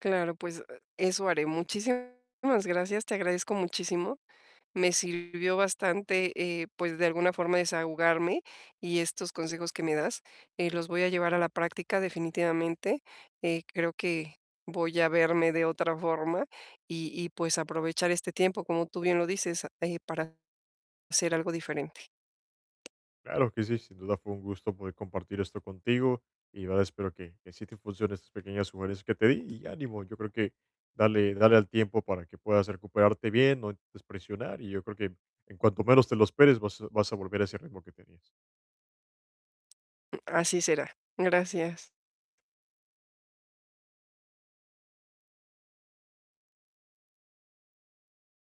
Claro, pues e eso haré. Muchísimas gracias. Te agradezco muchísimo. Me sirvió bastante, eh, pues, de alguna forma, desahogarme, y estos consejos que me das, eh, los voy a llevar a la práctica, definitivamente. Eh, creo que voy a verme de otra forma, y y pues, aprovechar este tiempo, como tú bien lo dices, eh, para hacer algo diferente. Claro que sí. Sin duda, fue un gusto poder compartir esto contigo, y la verdad, espero que que sí te funcionen, estas pequeñas sugerencias que te di, y ánimo. Yo creo, que dale dale al tiempo, para que puedas recuperarte bien. No intentes presionar, y yo creo, que en cuanto menos te lo esperes, vas a vas a volver a ese ritmo que tenías. Así será. Gracias.